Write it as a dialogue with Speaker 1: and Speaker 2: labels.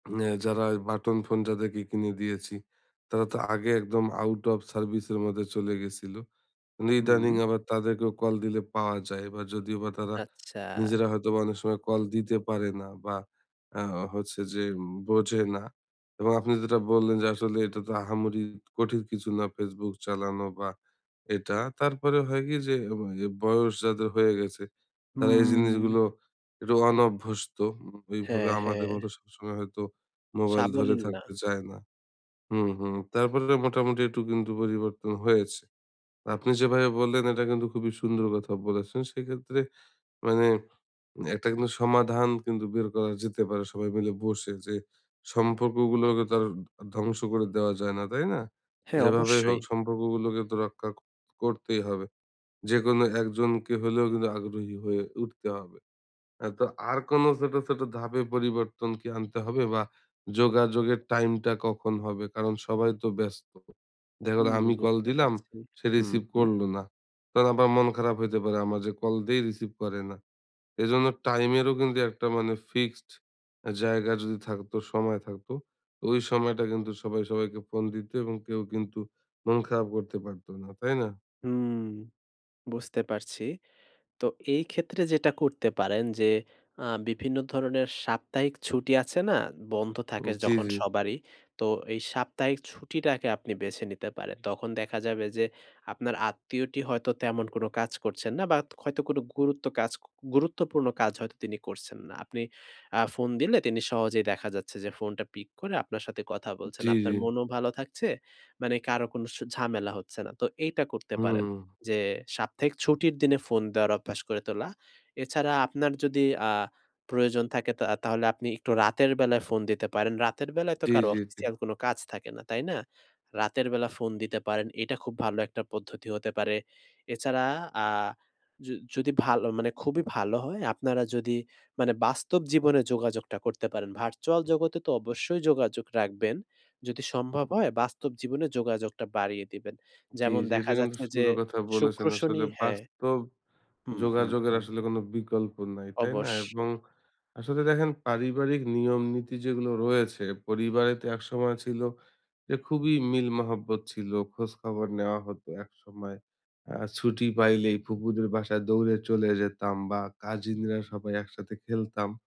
Speaker 1: হ্যাঁ যারা ওই বাটন ফোন যাদেরকে কিনে দিয়েছি তারা তো আগে একদম আউট অফ সার্ভিসের মধ্যে চলে গেছিলো। ইদানিং
Speaker 2: হুম।
Speaker 1: আবার তাদেরকেও কল দিলে পাওয়া যায় এবার যদিও বা তারা
Speaker 2: আচ্ছা।
Speaker 1: নিজেরা হয়তোবা অনেক সময় কল দিতে পারে না। বা আ হচ্ছে যে বোঝে না এবং আপনি যেটা বললেন যে আসলে এটা তো আহামরি কঠিন কিছু না ফেসবুক চালানো বা এটা তারপরে হয় কি যে এ বয়স যাদের হয়ে গেছে তারা এই
Speaker 2: হুম।
Speaker 1: জিনিসগুলো একটু অনভ্যস্ত। এইভাবে
Speaker 2: হ্যাঁ,
Speaker 1: আমাদের
Speaker 2: হ্যাঁ।
Speaker 1: মতো সবসময় হয়তো মোবাইল ধরে
Speaker 2: সাবলীল না।
Speaker 1: থাকতে চায় না। হুম, হুম তারপরে মোটামুটি একটু কিন্তু পরিবর্তন হয়েছে। আপনি যেভাবে বললেন এটা কিন্তু খুবই সুন্দর কথা বলেছেন। সেক্ষেত্রে মানে একটা কিন্তু সমাধান কিন্তু বের করা যেতে পারে সবাই মিলে বসে যে সম্পর্কগুলোকে তো আর ধ ধ্বংস করে দেওয়া যায় না। তাই না?
Speaker 2: হ্যাঁ,
Speaker 1: যেভাবেই হোক
Speaker 2: অবশ্যই।
Speaker 1: সম্পর্কগুলোকে তো রক্ষা করতেই হবে। যেকোনো একজনকে হলেও কিন্তু আগ্রহী হয়ে উঠতে হবে। হ্যাঁ তো আর কোনো ছোট, ছোট ধাপে পরিবর্তন কি আনতে হবে বা যোগাযোগের টাইমটা কখন হবে? কারণ সবাই তো ব্যস্ত দেখা গেলো
Speaker 2: হুম
Speaker 1: আমি কল
Speaker 2: বুঝতে
Speaker 1: দিলাম
Speaker 2: পারছি,
Speaker 1: সে
Speaker 2: হুম,
Speaker 1: রিসিভ
Speaker 2: হুম।
Speaker 1: করল না। তখন আবার মন খারাপ হইতে পারে আমার যে কল দেই রিসিভ করে না। এজন্য টাইমেরও কিন্তু একটা মানে ফিক্সড জায়গা যদি থাকতো, সময় থাকত, তো ওই সময়টায় কিন্তু সবাই সবাইকে ফোন দিত এবং কেউ কিন্তু মন খারাপ করতে পারতো না তাই না?
Speaker 2: হুম, বুঝতে পারছি। তো এই ক্ষেত্রে যেটা করতে পারেন যে আ বিভিন্ন ধরনের সাপ্তাহিক ছুটি আছে না? বন্ধ থাকে
Speaker 1: হুম, জি,
Speaker 2: যখন
Speaker 1: জি।
Speaker 2: সবারই তো এই সাপ্তাহিক ছুটিটাকে আপনি বেছে নিতে পারেন। তখন দেখা যাবে যে আপনার আত্মীয়টি হয়তো তেমন কোনো কাজ করছেন না বা হয়তো কোনো গুরুত্ব কাজ গুরুত্বপূর্ণ কাজ হয়তো তিনি করছেন না। আপনি আ ফোন দিলে তিনি সহজেই দেখা যাচ্ছে যে ফোনটা পিক করে আপনার সাথে কথা বলছেন।
Speaker 1: জি, জি।
Speaker 2: আপনার মনও ভালো থাকছে, মানে কারো কোনো স ঝামেলা হচ্ছে না। তো এইটা করতে পারেন।
Speaker 1: হুম।
Speaker 2: যে সাপ্তাহিক ছুটির দিনে ফোন দেওয়ার অভ্যাস গড়ে তোলা। এছাড়া আপনার যদি আ প্রয়োজন থাকে তা তাহলে আপনি একটু রাতের বেলায় ফোন দিতে পারেন। রাতের বেলায় তো
Speaker 1: জি,
Speaker 2: কারো
Speaker 1: জি, জি।
Speaker 2: অফিসিয়াল কোনো কাজ থাকে না, তাই না? রাতের বেলা ফোন দিতে পারেন। এটা খুব ভালো একটা পদ্ধতি হতে পারে। এছাড়া আ য যদি ভালো মানে খুবই ভালো হয় আপনারা যদি মানে বাস্তব জীবনে যোগাযোগটা করতে পারেন। ভার্চুয়াল জগতে তো অবশ্যই যোগাযোগ রাখবেন। যদি সম্ভব হয় বাস্তব জীবনে যোগাযোগটা বাড়িয়ে দিবেন।
Speaker 1: জি,
Speaker 2: যেমন
Speaker 1: জি এটা
Speaker 2: দেখা
Speaker 1: কিন্তু
Speaker 2: যাচ্ছে যে
Speaker 1: সুন্দর কথা
Speaker 2: শুক্র
Speaker 1: বলেছেন।
Speaker 2: শনি
Speaker 1: আসলে
Speaker 2: হ্যাঁ
Speaker 1: বাস্তব
Speaker 2: হুম, হুম,
Speaker 1: যোগাযোগের
Speaker 2: হুম।
Speaker 1: আসলে কোনো বিকল্প নাই। তাই না? এবং
Speaker 2: অবশ্যই।
Speaker 1: আসলে দেখেন পারিবারিক নিয়ম নীতি যেগুলো রয়েছে পরিবারে তো একসময় ছিল এ খুবই মিল মহব্বত ছিল। খোঁজখবর নেওয়া হতো একসময়। আর ছুটি পাইলেই ফুফুদের বাসায় দৌড়ে চলে যেতাম বা কাজিনরা সবাই একসাথে খেলতাম।